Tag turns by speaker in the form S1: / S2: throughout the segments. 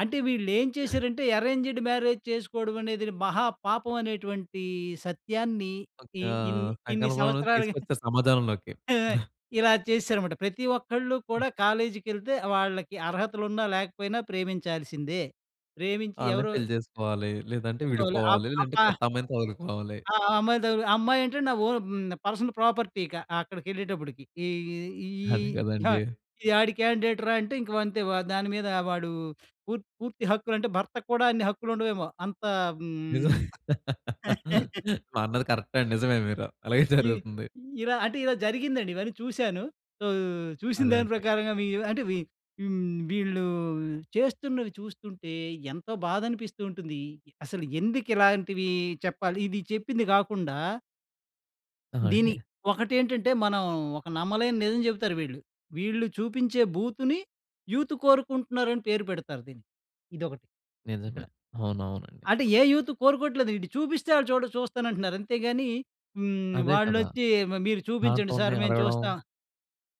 S1: అంటే వీళ్ళేం చేసారంటే, అరేంజ్‌డ్ మ్యారేజ్ చేసుకోవడమనేదిడి మహా పాపం అనేటువంటి సత్యాన్ని ఇ
S2: ఒకా
S1: ఇన్ని ఇన్ని
S2: సంకల్పంలో
S1: సంవత్సరాలుగా
S2: తీసుకొచ్చే సమాజంలోకి.
S1: ఆ! ఇలా చేస్సారన్నమాట. ప్రతి ఒక్కళ్ళు కూడా కాలేజీకెళ్తే వాళ్ళకి అర్హతలు ఉన్న లేకపోయినా ప్రేమించాల్సిందే. ప్రేమించి
S2: ఆళ్ళని
S1: ఎవరు
S2: పెళ్లి జేసుకోవాలి, లేదంటే
S1: చూసుకోవలే. అబ్
S2: విడిపోవాలి, లేదంటే
S1: అబ్బా!
S2: కొత్త అమ్మాయిని తగులుకోవాలి.
S1: ఆ! ఆ అమ్మాయి తగులుకొ అమ్మాయి ఏంటంటే నా ఓన్ పర్సనల్ ప్రాపర్టీ ఇక అక్కడికెళ్ళేటప్పడికి. ఈ ఈ ఈ
S2: అదే
S1: ఇహా
S2: గదండి!
S1: ఈ ఆడి క్యాండేట్‌రా! అంటే ఇంకా అంతే దాని మీద వాడు పూర్తి పూర్తి హక్కులు అంటే భర్తకు కూడా అన్ని హక్కులు ఉండవేమో! అంత హ్మ్
S2: నిజమే. ఆ! అన్నది కరెక్టే అండి. నిజమే మీరు. అలాగే
S1: ఈ
S2: జరుగుతుంది.
S1: ఇలా అంటే ఇలా జరిగిందండి ఇవన్నీ చూసాను. సో చూసిన
S2: అదే
S1: దాని
S2: అండి.
S1: ప్రకారంగా వీ అంటే వీ హ్మ్. వీళ్ళు చేస్తున్నవి చూస్తుంటే ఎంతో బాధనిపిస్తూ ఉంటుంది. అసలు ఎందుకు ఇలాంటివి చెప్పాలి ఇది చెప్పింది గాకుండా
S2: ఆ!
S1: దీన్ని
S2: అండి.
S1: ఒకటేంటంటే మనం ఒక నమ్మలేని నిజం జేబుతారు వీళ్ళు. వీళ్ళు చూపించే బూతుని యూత్ కోరుకుంటున్నారని పేరు పెడతారు దీన్ని. ఇదొకటి ఇక్కడ.
S2: నిజమే. అవునవునండి.
S1: అంటే ఏ యూత్ కోరుకోవట్లేదు ఈడు చూపిస్తే ఆళ్ళు చూడ చూస్తానంటున్నారు అంతే‌గాని హ్మ్.
S2: అదే కదా!
S1: వాళ్లొచ్చి మ మీరు చూపించండి
S2: దాంట్లుందే
S1: సర్ మేము
S2: అడగడం.
S1: చూస్తాం.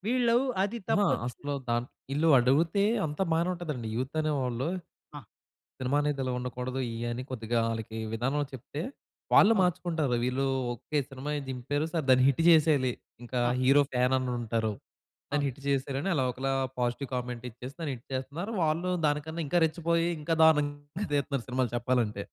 S1: వీళ్ళు అది
S2: అహా!
S1: తప్పొచ్చు.
S2: అసలు దాంట్ ఈళ్ళు అడిగితే అంతా బానే ఉంటదండి యూత్ అనేవాళ్ళు.
S1: ఆ!
S2: సినిమా అనేది ఇలా ఉండకూడదు, ఇయి అని కొద్దిగా ఆళ్ళకి విధానంలో చెప్తే, వాళ్ళు
S1: అవును.
S2: మార్చుకుంటారు. వీళ్ళు ఓకే! సినిమాయే దింపారు సరె దాన్ని హిట్ చేసేయాలి ఇంకా
S1: ఆ!
S2: హీరో ఫ్యాననుంటారు. దాన్ని
S1: అవును.
S2: హిట్ చేసేయాలి అని అలా ఒకలా పాజిటివ్ కామెంట్ ఇచ్చేసి దాన్ని హిట్ చేస్తున్నారు. వాళ్ళు దానికన్నా ఇంకా రెచ్చిపోయి ఇంకా దారుణంగా తీత్తన్నారు సినిమాలు చెప్పాలంటే.